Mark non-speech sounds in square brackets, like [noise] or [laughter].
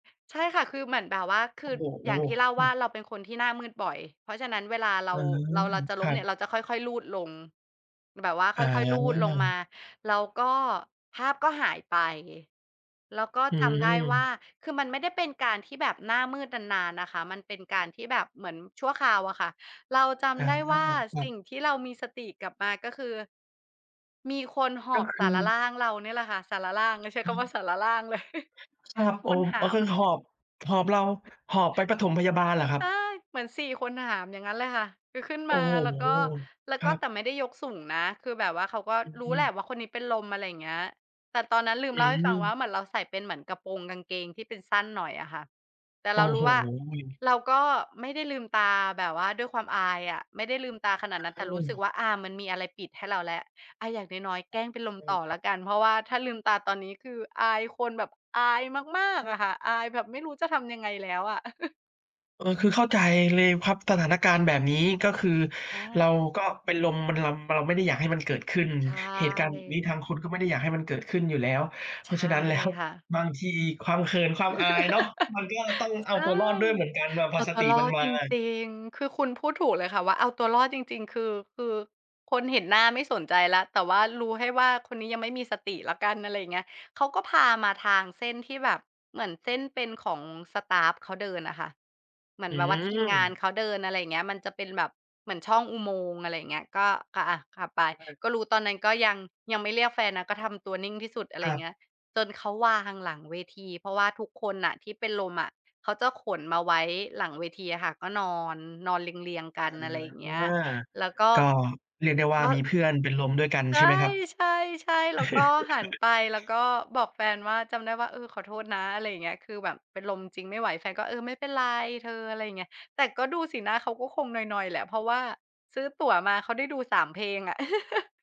ใช่ค่ะ คือเหมือนแบบว่า คโืออ้โอฮ! ย่างที่เล่าอืว่า อ เราเป็นคนที่หน้ามืดบ่อย เพราะฉะนั้น เวลาเรอา ืม เรา เราจะคล้รมัเนีบ ่ย เราจะค่อย ๆ รูดลง แบบว่าอค๋่อย ๆ รูดลงมา อ แล้วก็ ภาพก็หายไป แล้วก็อืจำได้ว่า ม คือมันไม่ได้เป็นการที่แบบหน้ามืดนาน ๆ นะคะ มันเป็นการที่แบบเหมือนชั่วคราวอะค่ะ เราจอ๋อ ำได้ว่า ครัสิ่บ งที่เรามีสติกลับมา ก็คือ มีคนหก็อบคสืารรอ ่างเรานี่แหละค่ะ สารร่างเนี่ย ใช้อ๋คำว่า อ สารร่าง เลย [chuckles] ชาบ คโอนม หาอ๋อ คือม หอบ หอบเรา หอบไปปฐมพยาบาลเหรอครับ? ใต้ เหมือน 4 คนหาม อย่างงั้นเลยค่ะ คือขึ้นโอม้าโฮ! แล้วก็ แล้วครกั็ บ แต่ไม่ได้ยกสูงนะ คือแบบว่าเขาก็อืรู้แหละม ว่า คนนี้เป็นลม อะไรเงี้ย แต่ตอนนั้น ลือมืเล่าให้ฟังว่อ า เหมือนเราใส่เป็นเหมือนกระโปรงกางเกงที่เป็นสั้นหน่อยอะค่ะ แต่โอเ้รารูโ้ว่า ฮ! เราก็ ไม่ได้ลืมตาแบบว่าด้วยความอายอะ ไม่ได้ลืมตาขนาดนั้น เแต่รู้สึกออ ว่า อา มันมีอะไรปิดให้เราแล้ว อา อย่างน้อย ๆ แกล้งเป็นลมอืม ต่อครแลับ ้วกัน เพราะว่าถ้าลืมตาตอนนี้ คืออายคนแบบอายมาก ๆ อะค่ะ อายแบบไม่รู้จะทำยังไงแล้วอะ [chuckles] เออ คือเข้าใจเลยพับ สถานการณ์แบบนี้ ก็คืออเราา ก็ เป็นลม มันรำ เราไม่ได้อยากให้มันเกิดขึ้น ใชเหตุการณ์แบบนี้่ ทางคุณก็ไม่ได้อยากให้มันเกิดขึ้นอยู่แล้ว เใพชราะฉะ่นั้น แล้ว ค่ะ บางทีความเขิน ความอายเนาะ [laughs] มันก็ยังต้องเอาใช่ ตัวรอดด้วยเหมือนกัน แบบพเออาสตัตวิรอมันดมจาอะ ริง ๆ คือคุณพูดถูกเลยค่ะว่า เอาตัวรอดจริง ๆ คือ คือคนเห็นหน้า ไม่สนใจแล้ว แต่ว่ารู้แค่ว่า คนนี้ยังไม่มีสติแล้วกัน อะไรอย่างเงี้ย เขาก็พามาทางเส้นที่แบบเหมือนเส้นเป็นของสตาฟเขาเดินน่ะค่ะ เหมือนอืแบบว่าทีมงานม เขาเดิน อะไรอย่างเงี้ย มันจะเป็นแบบเหมือนช่องอุโมงค์ อะไรอย่างเงี้ย ก็ อะ ๆ ขับไป ใช่ ก็รู้ ตอนนั้นก็ยัง ยังไม่เรียกแฟนนะ ก็ทำตัวนิ่งที่สุด อะไรครับ เงี้ย จนเขาวางหลังเวที เพราะว่าทุกคนน่ะที่เป็นลมอะ เขาจะขนมาไว้หลังเวทีอะค่ะ ก็นอน นอนเรียง ๆ กอั๋น อะไรอย่างเงีอ ้ย แล้วก็ ก็ เรียกได้ว่า แล้ว มีเพื่อนเป็นลมด้วยกัน ใชใช่ไหมครับ? [laughs] ่ ๆ ๆ แล้วก็หันไป แล้วก็บอกแฟนว่า จำได้ว่า "เออ ขอโทษนะ" อะไรเงี้ย "คือแบบเป็นลมจริง ไม่ไหว" แฟนก็ "เออ ไม่เป็นไร เธอ" อะไรเงี้ย แต่ก็ดูสีหน้าเขาก็คงนอย ๆ แหละ เพราะว่าซื้อตั๋วมา เขาได้ดู 3 เพลงอะ [laughs]